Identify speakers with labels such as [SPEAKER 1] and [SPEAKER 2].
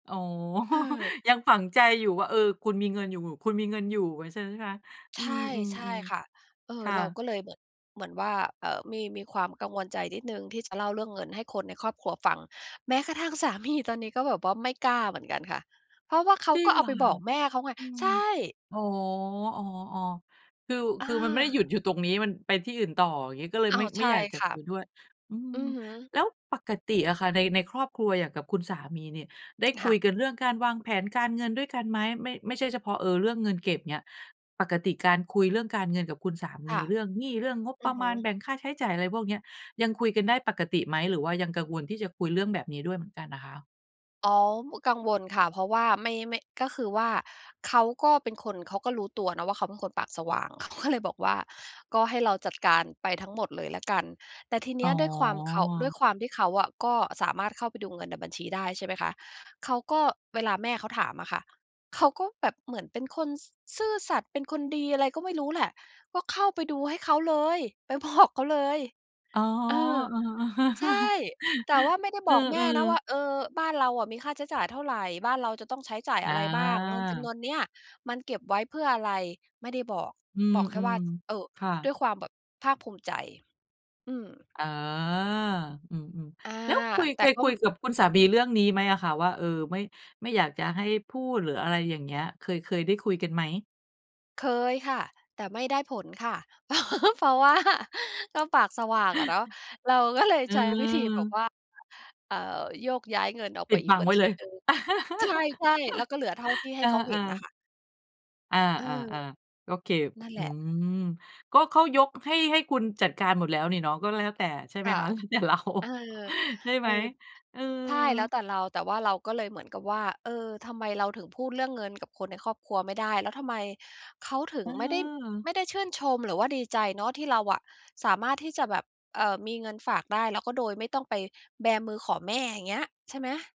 [SPEAKER 1] อ๋อ
[SPEAKER 2] เออ
[SPEAKER 1] ยังฝังใจอยู่ว่า เออ คุณมีเงินอยู่ คุณมีเงินอยู่ ใช่ไหมคะ?
[SPEAKER 2] ใ
[SPEAKER 1] อื
[SPEAKER 2] ช่ ใช่
[SPEAKER 1] ม
[SPEAKER 2] ค่ะ
[SPEAKER 1] ๆ
[SPEAKER 2] เออ
[SPEAKER 1] ๆ ค่
[SPEAKER 2] เรา
[SPEAKER 1] ะ
[SPEAKER 2] ก็เลยเหมือน เหมือนว่า เอ่อ มี มีความกังวลใจนิดหนึ่ง ที่จะเล่าเรื่องเงินให้คนในครอบครัวฟัง แม้กระทั่งสา มี ตอนนี้ก็แบบว่าไม่กล้าเหมือนกันค่ะ เพราะว่าเขา
[SPEAKER 1] จริ
[SPEAKER 2] ก็
[SPEAKER 1] ง
[SPEAKER 2] เอ
[SPEAKER 1] เห
[SPEAKER 2] า
[SPEAKER 1] รอ
[SPEAKER 2] ไป
[SPEAKER 1] ค
[SPEAKER 2] บ
[SPEAKER 1] ะ?
[SPEAKER 2] อกแม่เขาไง
[SPEAKER 1] อื
[SPEAKER 2] ใ
[SPEAKER 1] ม
[SPEAKER 2] ช่
[SPEAKER 1] อ๋อ ๆ ๆ คือ
[SPEAKER 2] อ
[SPEAKER 1] คือมันไม่ได้หยุด
[SPEAKER 2] า
[SPEAKER 1] อยู่ตรงนี้ มันไปที่อื่นต่อ งี้ก็เลย
[SPEAKER 2] อ้อ
[SPEAKER 1] ไม่
[SPEAKER 2] ใ
[SPEAKER 1] ไ
[SPEAKER 2] ช
[SPEAKER 1] ม่
[SPEAKER 2] ่
[SPEAKER 1] อยากจะ
[SPEAKER 2] ค่
[SPEAKER 1] ค
[SPEAKER 2] ะ
[SPEAKER 1] ุยด้วย อื
[SPEAKER 2] อ
[SPEAKER 1] ม
[SPEAKER 2] ือฮึ
[SPEAKER 1] แล้วปกติอะค่ะ ใน ในครอบครัวอย่างกับคุณสามีนี่ ได้
[SPEAKER 2] ค
[SPEAKER 1] คุ
[SPEAKER 2] ่ะ
[SPEAKER 1] ยกันเรื่องการวางแผนการเงินด้วยกันไหม? ไม่ ไม่ใช่เฉพาะ เอ่อ เรื่องเงินเก็บเนี่ย ปกติการคุยเรื่องการเงินกับคุณสาม
[SPEAKER 2] ค
[SPEAKER 1] ี
[SPEAKER 2] ่ะ
[SPEAKER 1] เรื่องหนี้ เรื่องงบ
[SPEAKER 2] อ
[SPEAKER 1] ป
[SPEAKER 2] ื
[SPEAKER 1] ร
[SPEAKER 2] อ
[SPEAKER 1] ะ
[SPEAKER 2] ฮ
[SPEAKER 1] มาณ
[SPEAKER 2] ึ
[SPEAKER 1] แบ่งค่าใช้จ่าย อะไรพวกเนี้ย ยังคุยกันได้ปกติไหม หรือว่ายังกังวล ที่จะคุยเรื่องแบบนี้ด้วยเหมือนกันน่ะคะ?
[SPEAKER 2] อ๋อ กังวลค่ะ เพราะว่าไม่ ไม่ ก็คือว่า เขาก็เป็นคน เขาก็รู้ตัวเนาะว่า เขาเป็นคนปากสว่าง เขาก็เลยบอกว่า ก็ให้เราจัดการไปทั้งหมดเลยแล้วกัน แต่ทีเ
[SPEAKER 1] อ
[SPEAKER 2] นี
[SPEAKER 1] ๋
[SPEAKER 2] ้ยด้วยความเขา ด้ว
[SPEAKER 1] อ
[SPEAKER 2] ยความที่เขาอะ ก็สามารถเข้าไปดูเงินในบัญชีได้ ใช่ไหมคะ เขาก็ เวลาแม่เขาถามอะค่ะ เขาก็แบบเหมือนเป็นคน ซ ซื่อสัตย์ เป็นคนดี อะไรก็ไม่รู้แหละ ก็เข้าไปดูให้เขาเลย ไป บอก เขาเลย
[SPEAKER 1] อ๋อ
[SPEAKER 2] เออ ใช่ แต่ว่าไม่ได้
[SPEAKER 1] เอ
[SPEAKER 2] บ
[SPEAKER 1] อ
[SPEAKER 2] อกแม
[SPEAKER 1] เออ
[SPEAKER 2] ่
[SPEAKER 1] เ
[SPEAKER 2] น
[SPEAKER 1] ออ
[SPEAKER 2] ะว่า
[SPEAKER 1] ๆ
[SPEAKER 2] เอ่อ บ้านเราอะมีค่าใช้จ่ายเท่าไร บ้านเราจะต้องใช้จ่าย
[SPEAKER 1] อ
[SPEAKER 2] อะไรบ้าง เงินจ
[SPEAKER 1] า
[SPEAKER 2] ำนวนนี้มันเก็บไว้เพื่ออะไร? ไม่ได้บอก
[SPEAKER 1] อื
[SPEAKER 2] บอกแค่ว่า
[SPEAKER 1] ม
[SPEAKER 2] เอ่อ
[SPEAKER 1] ๆ ค่
[SPEAKER 2] ด้
[SPEAKER 1] ะ
[SPEAKER 2] วยความแบบภาคภูมิใจ อืม
[SPEAKER 1] อ๋อ อืม
[SPEAKER 2] อา
[SPEAKER 1] ๆ แล้วคุย
[SPEAKER 2] แ
[SPEAKER 1] เ
[SPEAKER 2] ต
[SPEAKER 1] ค
[SPEAKER 2] ่
[SPEAKER 1] ย
[SPEAKER 2] ก็
[SPEAKER 1] คุยกับคุณสามีเรื่องนี้ไหมอะคะ ว่า เอ่อ ไม่ ไม่อยากจะให้พูด หรืออะไรอย่างเงี้ย เคย เคยได้คุยกันไหม?
[SPEAKER 2] เคยค่ะ แต่ไม่ได้ผลค่ะ เพราะ เพราะว่า ก็ปากสว่างอะเนาะ เราก็เลย
[SPEAKER 1] อ
[SPEAKER 2] ใช้วิธีแบบ
[SPEAKER 1] ืม
[SPEAKER 2] ว่า เอ่อ โยกย้ายเงินออก
[SPEAKER 1] ป
[SPEAKER 2] ไ
[SPEAKER 1] ิ
[SPEAKER 2] ป
[SPEAKER 1] ด
[SPEAKER 2] อี
[SPEAKER 1] บ
[SPEAKER 2] ก
[SPEAKER 1] ัง
[SPEAKER 2] บั
[SPEAKER 1] ไ
[SPEAKER 2] ญ
[SPEAKER 1] ว้
[SPEAKER 2] ช
[SPEAKER 1] เล
[SPEAKER 2] ี
[SPEAKER 1] ย
[SPEAKER 2] หนึ่ง ใช่ ๆ แล้วก็เหลือเท่าที่ใ
[SPEAKER 1] เ
[SPEAKER 2] ห้
[SPEAKER 1] อ
[SPEAKER 2] เขาเห
[SPEAKER 1] อ
[SPEAKER 2] ็นน่ะ
[SPEAKER 1] ๆ
[SPEAKER 2] ค่ะ
[SPEAKER 1] อา
[SPEAKER 2] เออ
[SPEAKER 1] ๆ ๆ โอเค
[SPEAKER 2] นั่นแ
[SPEAKER 1] อ
[SPEAKER 2] ห
[SPEAKER 1] ื
[SPEAKER 2] ละ
[SPEAKER 1] ม ก็เขายกให้ ให้คุณจัดการหมดแล้วนี่เนาะ ก็แล้วแต่ ใช่ไหม
[SPEAKER 2] ค่ะ
[SPEAKER 1] คะ แล้วแต่ เรา
[SPEAKER 2] เออ
[SPEAKER 1] ใช่
[SPEAKER 2] เ
[SPEAKER 1] ไ
[SPEAKER 2] อ
[SPEAKER 1] หม
[SPEAKER 2] อ
[SPEAKER 1] เออ?
[SPEAKER 2] ใช่แล้วแต่เรา แต่ว่าเราก็เลยเหมือนกับว่า เออ ทำไมเราถึงพูดเรื่องเงิน กับคนในครอบครัวไม่ได้ แล้วทำไมเขาถึง
[SPEAKER 1] เ
[SPEAKER 2] ไม่ได้
[SPEAKER 1] ออ
[SPEAKER 2] ไม่ได้ชื่นชม หรือว่าดีใจเนาะ ที่เราอะ สามารถที่จะแบบ เอ่อ มีเงินฝากได้ แล้วก็โดยไม่ต้องไปแบมือขอแม่ อย่างเงี้ย ใช่ไหม